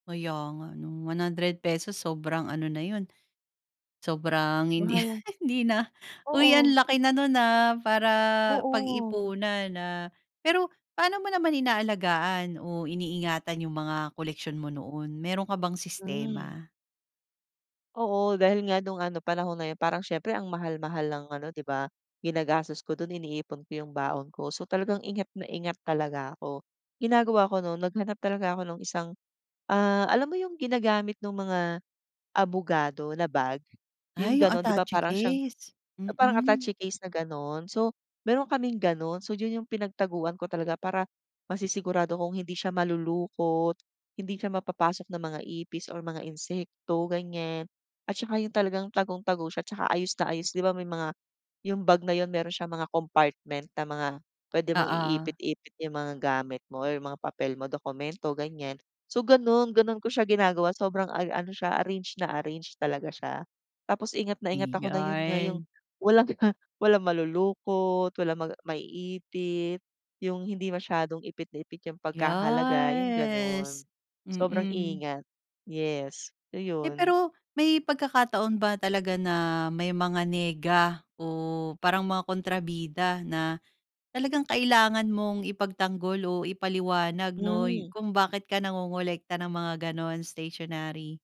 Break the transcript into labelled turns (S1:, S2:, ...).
S1: Kaya nga 'no, ₱100 sobrang ano na yun. Sobrang hindi,
S2: Wow.
S1: hindi na, uy ang
S2: Oo.
S1: laki na no'n, ah, para
S2: Oo.
S1: pag-ipuan, ah. Pero paano mo naman inaalagaan o iniingatan yung mga koleksyon mo noon, mayro'n ka bang
S2: Hmm.
S1: sistema?
S2: Oo, dahil nga nung ano panahon na yun parang siyempre ang mahal-mahal ng ano di ba? Ginagastos ko do'n iniipon ko yung baon ko. So talagang ingat na ingat talaga ako, ginagawa ko no'n naghanap talaga ako nung isang, ah, alam mo yung ginagamit nung mga abogado na bag yung
S1: Ay, yung
S2: gano'n. Di ba
S1: attache
S2: para siyang
S1: case,
S2: parang
S1: mm.
S2: attache case na gano'n, so mayro'n kaming gano'n so yun yung pinagtaguan ko talaga para masisigurado kung hindi siya malulukot, hindi siya mapapasok ng mga ipis or mga insekto ganyan. At saka yung talagang tagong-tago siya 'tsaka ayos na ayos, di ba may mga yung bag na yun mayro'n siyang mga compartment na mga puwede mong
S1: Oo.
S2: iipit-ipit yung mga gamit mo or mga papel mo dokumento ganyan. So ganun, ganun ko siya ginagawa sobrang ar ano siya arrange na arrange talaga siya. Tapos ingat na ingat ako na yu nga yong
S1: Ayan.
S2: walang ma, walang malulukot, walang maga maiipit yung hindi masyadong ipit na ipit yung pagkakalagay, yung gano'n
S1: Yes
S2: sobrang,
S1: mm.
S2: ingat, yes,
S1: Eh,
S2: ayun.
S1: pero may pagkakataon ba talaga na may mga nega o parang mga kontrabida na talagang kailangan mong ipagtanggol o ipaliwanag 'no,
S2: Hmm.
S1: kung bakit ka nangongolekta ng mga gano'n, stationary?